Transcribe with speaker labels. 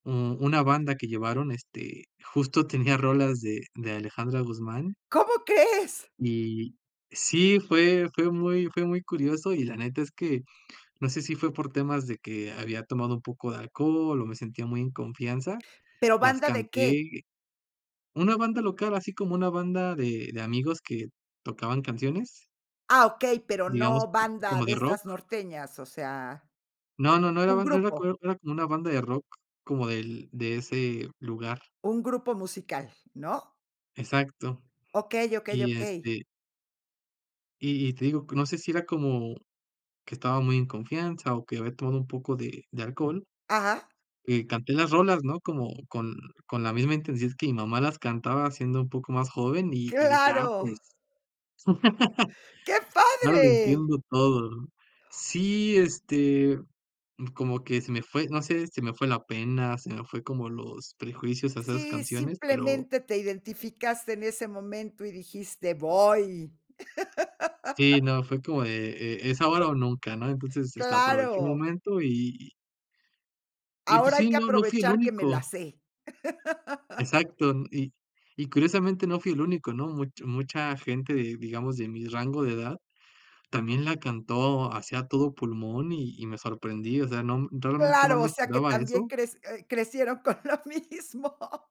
Speaker 1: Mm, una banda que llevaron, este, justo tenía rolas de de Alejandra Guzmán.
Speaker 2: ¿Cómo crees?
Speaker 1: Y, sí fue fue muy fue muy curioso y la neta es que, no sé, si fue por temas de que había tomado un poco de alcohol o me sentía muy en confianza,
Speaker 2: Pero,
Speaker 1: las
Speaker 2: ¿banda de qué?
Speaker 1: canté una banda local, así como una banda de de amigos que tocaban canciones.
Speaker 2: Ah, okey, pero
Speaker 1: Digamos,
Speaker 2: no banda
Speaker 1: como
Speaker 2: de
Speaker 1: de rock.
Speaker 2: estas norteñas, o sea,
Speaker 1: No, no, no era,
Speaker 2: un
Speaker 1: no era co
Speaker 2: grupo.
Speaker 1: era como una banda de rock, como del de ese lugar.
Speaker 2: Un grupo musical, ¿no?
Speaker 1: Exacto,
Speaker 2: Okey, okey,
Speaker 1: y,
Speaker 2: okey.
Speaker 1: este y y te digo, que no sé si era como, que estaba muy en confianza o que había tomado un poco de de alcohol,
Speaker 2: Ajá.
Speaker 1: eh, canté las rolas, ¿no?, como con con la misma intensidad que mi mamá las cantaba siendo un poco más joven, y y dije: "Ah,
Speaker 2: ¡Claro!
Speaker 1: pues",
Speaker 2: ¡Qué
Speaker 1: ahora lo
Speaker 2: padre!
Speaker 1: entiendo todo", ¿no?, sí, este, como que se me fue, no sé, se me fue la pena, se me fue como los prejuicios a esas
Speaker 2: Sí,
Speaker 1: canciones, pero
Speaker 2: simplemente te identificaste en ese momento y dijiste: "¡Voy!".
Speaker 1: Sí, no, fue como de: "E es ahora o nunca", ¿no?, entonces, este, aproveché el
Speaker 2: Claro.
Speaker 1: momento y y y pues
Speaker 2: "Ahora hay
Speaker 1: sí,
Speaker 2: que
Speaker 1: no, no fui el
Speaker 2: aprovechar que me la
Speaker 1: único.
Speaker 2: sé".
Speaker 1: Exacto, y y curiosamente no fui el único, ¿no?, mucho mucha gente, de digamos, de mi rango de edad, también la cantó, así a todo pulmón, y y me sorprendí, o sea, no, realmente no
Speaker 2: Claro, o
Speaker 1: me
Speaker 2: sea, que
Speaker 1: esperaba
Speaker 2: también
Speaker 1: eso.
Speaker 2: crec eh, crecieron con lo mismo.